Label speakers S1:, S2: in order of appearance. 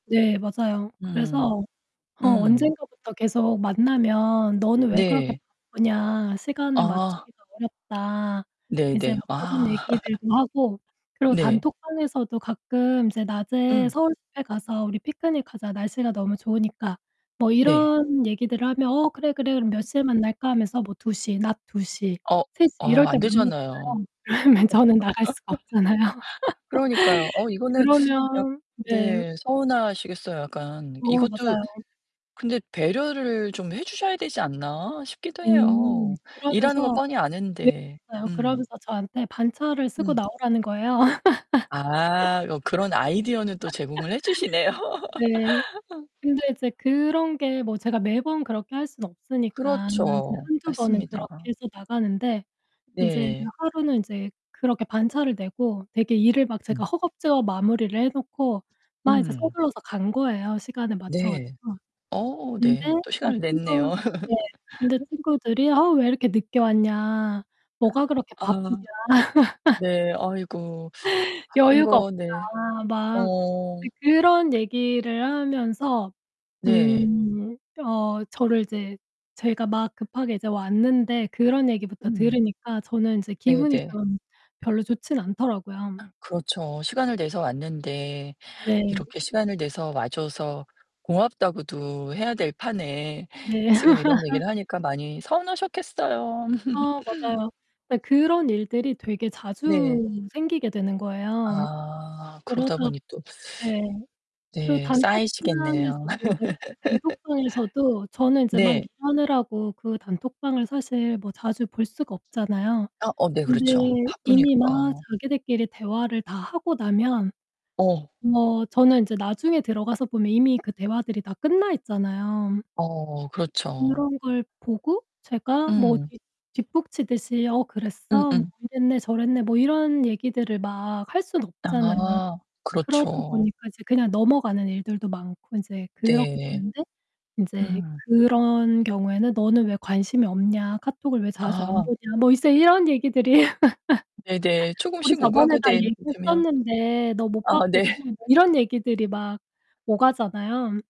S1: 네 맞아요.
S2: 음.
S1: 그래서 어
S2: 음.
S1: 언젠가부터 계속 만나면 "너는 왜 그렇게
S2: 네.
S1: 바쁘냐 시간을
S2: 아.
S1: 맞추기가 어렵다." 이제
S2: 네네.
S1: 뭐 그런
S2: 아.
S1: 얘기들도 하고 그리고
S2: 네.
S1: 단톡방에서도 가끔 이제 낮에
S2: 음.
S1: "서울집에 가서 우리 피크닉하자, 날씨가 너무 좋으니까." 뭐
S2: 네.
S1: 이런 얘기들을 하면 "어 그래, 그래. 그럼 몇 시에 만날까?" 하면서 뭐 2:00 낮 2:00,
S2: 어?
S1: 3:00
S2: 어
S1: 이럴 때
S2: 안 되잖아요.
S1: 만나잖아요. 그러면 저는 나갈 수가 없잖아요.
S2: 그러니까요. 어 이거는 약
S1: 그러면 네.
S2: 네. 서운하시겠어요 약간.
S1: 어
S2: 이것도
S1: 맞아요.
S2: 근데 '배려를 좀 해 주셔야 되지 않나?' 싶기도
S1: 음
S2: 해요. 일하는 거
S1: 그러면서
S2: 뻔히
S1: [unintelligible]
S2: 아는데. 음.
S1: 그러면서 저한테 반차를 쓰고
S2: 음.
S1: 나오라는 거예요.
S2: 아. 어 그런 아이디어는 또 제공을 해 주시네요.
S1: 네. 근데 이제 그런게 뭐 제가 매번 그렇게 할 수는 없으니까 이제
S2: 그렇죠.
S1: 1-2 번은
S2: 맞습니다.
S1: 그렇게 해서 나가는데 인제
S2: 네.
S1: 하루는 인제 그렇게 반차를 내고 되게 일을 막 제가
S2: 음.
S1: 허겁지겁 마무리를 해 놓고 막 이제
S2: 음.
S1: 서둘러서 간 거예요, 시간에 맞춰
S2: 네.
S1: 가지고.
S2: 어
S1: 근데
S2: 네. 또
S1: 막
S2: 시간을
S1: 친구
S2: 냈네요.
S1: 네. 근데 친구들이 "아우 왜 이렇게 늦게 왔냐. 뭐가 그렇게
S2: 아.
S1: 바쁘냐"
S2: 네. 아이고. 바쁜
S1: "여유가
S2: 거 네.
S1: 없다." 막
S2: 어.
S1: 그 그런 얘기를 하면서
S2: 네.
S1: 음 어 저를 이제 제가 막 급하게 이제 왔는데 그런 얘기부터
S2: 음.
S1: 들으니까 저는 이제 기분이
S2: 네네.
S1: 좀 별로 좋지는 않더라고요.
S2: 그렇죠. 시간을 내서 왔는데
S1: 네.
S2: 이렇게 "시간을 내서 와줘서 고맙다."고도 해야 될 판에
S1: 네.
S2: 지금 이런 얘기를 하니까 많이 서운하셨겠어요..
S1: 아 맞아요. 네 그런 일들이 되게
S2: 네.
S1: 자주 생기게 되는 거예요.
S2: 아
S1: 그러다
S2: 그러다 보니 또.
S1: 예. 그리고
S2: 네 쌓이시겠네요.
S1: 단톡방에서도 맞아요. 단톡방에서도 저는 인제 막
S2: 네.
S1: 일하느라고 그 단톡방을 사실 뭐 자주 볼 수가 없잖아요.
S2: 아. 어 네
S1: 근데
S2: 그렇죠,
S1: 이미
S2: 바쁘니까.
S1: 막 자기들끼리 대화를 다 하고 나면
S2: 어.
S1: 뭐 저는 인제 나중에 들어가서 보면 이미 그 대화들이 다 끝나 있잖아요.
S2: 어 그렇죠.
S1: 그런 걸 보고 제가 뭐
S2: 음.
S1: 뒷 뒷북치듯이 "어 그랬어? 뭐
S2: 음음.
S1: 이랬네 저랬네." 뭐 이런 얘기들을 막 할 순 없잖아요.
S2: 아
S1: 그러다
S2: 그렇죠.
S1: 보니까 이제 그냥 넘어가는 일들도 많고 인제 그렇게
S2: 네.
S1: 되는데 인제
S2: 음.
S1: 그런 경우에는 "너는 왜 관심이 없냐? 카톡을 왜 자주 안
S2: 아.
S1: 보냐?" 뭐 이제 이런 얘기들이
S2: 네네.
S1: "우리
S2: 쪼금씩
S1: 저번에 다
S2: 오가구된 되면
S1: 얘기했었는데 너 못
S2: 아
S1: 봤거든"
S2: 네.
S1: 뭐 이런 얘기들이 막 오가잖아요.